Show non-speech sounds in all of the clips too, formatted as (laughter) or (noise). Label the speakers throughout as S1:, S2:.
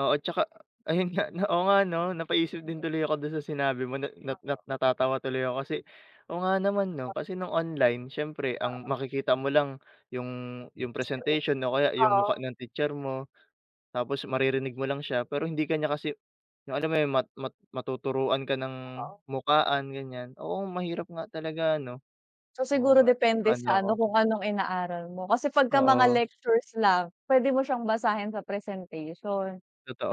S1: Oo, 'tsaka ayun nga na, oo nga 'no, napaisip din tuloy ako do'n sa sinabi mo na na na
S2: Opo.
S1: natatawa tuloy ako kasi, oo, nga naman, 'no,
S2: Bakit?
S1: kasi no'ng online siyempre ang
S2: Oo.
S1: makikita mo lang 'yung 'yung
S2: Sa leeg,
S1: presentation o kaya 'yung
S2: oo.
S1: mukha ng teacher mo, tapos maririnig mo lang siya pero hindi ka niya kasi, 'yung alam mo 'yun, mat mat matuturuan ka ng
S2: Oo.
S1: mukhaan ganiyan. Oo, mahirap nga talaga, ano.
S2: So
S1: Oo
S2: siguro
S1: nga,
S2: depende
S1: naano
S2: sa
S1: ako.
S2: ano kung anong inaaral mo. Kasi pagka mga
S1: Oo.
S2: lectures lang, puwede mo siyang basahin sa presentation.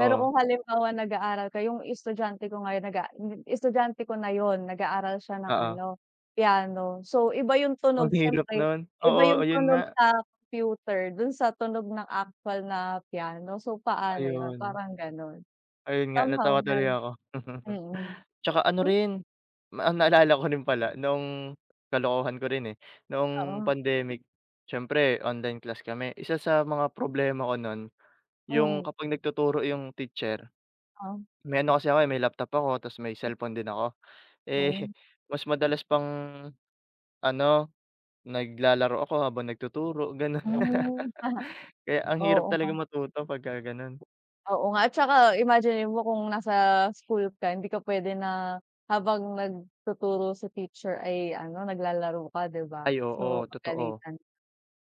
S2: Pero kung halimbawa nag-aaral ka, 'yung estudyante ko ngayon nag-a hmm, estudyante ko na 'yun nag-aaral siya ng
S1: Oo.
S2: ano piano, so iba 'yung tunog
S1: Ang hirap
S2: siyempre,
S1: no'n,
S2: iba
S1: oo,
S2: 'yung
S1: 'yun
S2: tunog
S1: nga.
S2: sa computer do'n sa tunog ng actual na piano. So paano 'yun,
S1: Ayun.
S2: parang gano'n.
S1: Ayun nga,
S2: Somehow
S1: natawa tuloy
S2: 'yun,
S1: ako. (laughs)
S2: mm.
S1: 'Tsaka ano
S2: (unintelligible)
S1: rin, ma naalala ko rin pala noong kalokohan ko rin eh, noong
S2: Oo.
S1: pandemic siyempre online class kami, isa sa mga problema ko no'n 'yung
S2: Mm.
S1: kapag nagtuturo 'yung teacher,
S2: Ah.
S1: may ano kasi ako, eh, may laptop ako tapos may cellphone din ako.
S2: Oh.
S1: Eh, mas madalas pang ano, naglalaro ako habang nagtuturo, gano'n.
S2: Hmm, pa.
S1: (laughs) Kaya ang hirap
S2: Oo
S1: talaga
S2: nga.
S1: matuto pagka gano'n.
S2: Oo nga at saka imaginin mo kung nasa school ka, hindi ka puwede na habang nagtuturo si teacher ay ano, naglalaro ka, 'di ba.
S1: Ay,
S2: Oo,
S1: oo, totoo.
S2: pagalitan.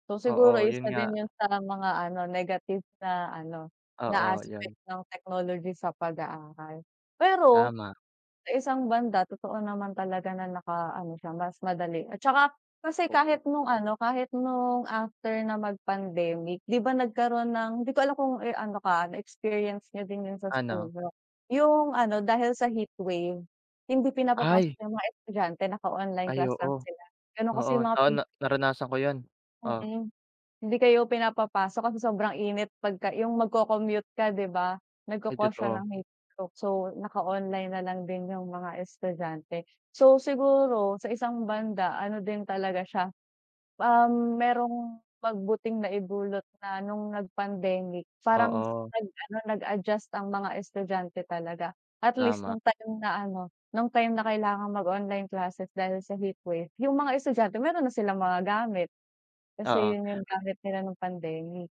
S2: So siguro
S1: Oo, 'yun
S2: isa
S1: nga.
S2: din 'yun sa mga ano negative na ano, na
S1: Oo, 'yun.
S2: aspect ng technology sa pag-aaral. Pero
S1: Tama.
S2: sa isang banda totoo naman talaga, na naka-ano siya, mas madali at saka kasi
S1: Oo.
S2: kahit no'ng ano kahit no'ng after na mag-pandemic 'di ba, nagkaroon ng, hindi ko alam kung ano ka na experience niyo din 'yun sa school
S1: Ano?
S2: niyo, 'yung ano dahil sa heatwave hindi pinapapasok
S1: Ay.
S2: 'yung mga estudyante, naka-online
S1: Ay
S2: class lang
S1: oo.
S2: sila. Gano'n kasi
S1: Oo,
S2: 'yung mga
S1: oo,
S2: pin
S1: na naranasan ko 'yan, oh.
S2: Mm. Hindi kayo pinapapasok kasi sobrang init pagka 'yung magko-commute ka 'di ba,
S1: Ay,
S2: nagko-cause siya
S1: totoo.
S2: ng heat stroke, so naka-online na lang din 'yung mga estudyante. So siguro sa isang banda, ano din talaga siya, um, merong mabuting naidulot na nung nag pandemic, parang
S1: Oo.
S2: nag-ano nag-adjust ang mga estudyante talaga. At least
S1: Tama.
S2: no'ng time na ano, no'ng time na kailangang mag-online classes dahil sa heatwave, 'yung mga estudyante meron na silang mga gamit. Kasi
S1: Oo.
S2: 'yun y'ung gamit nila no'ng pandemic.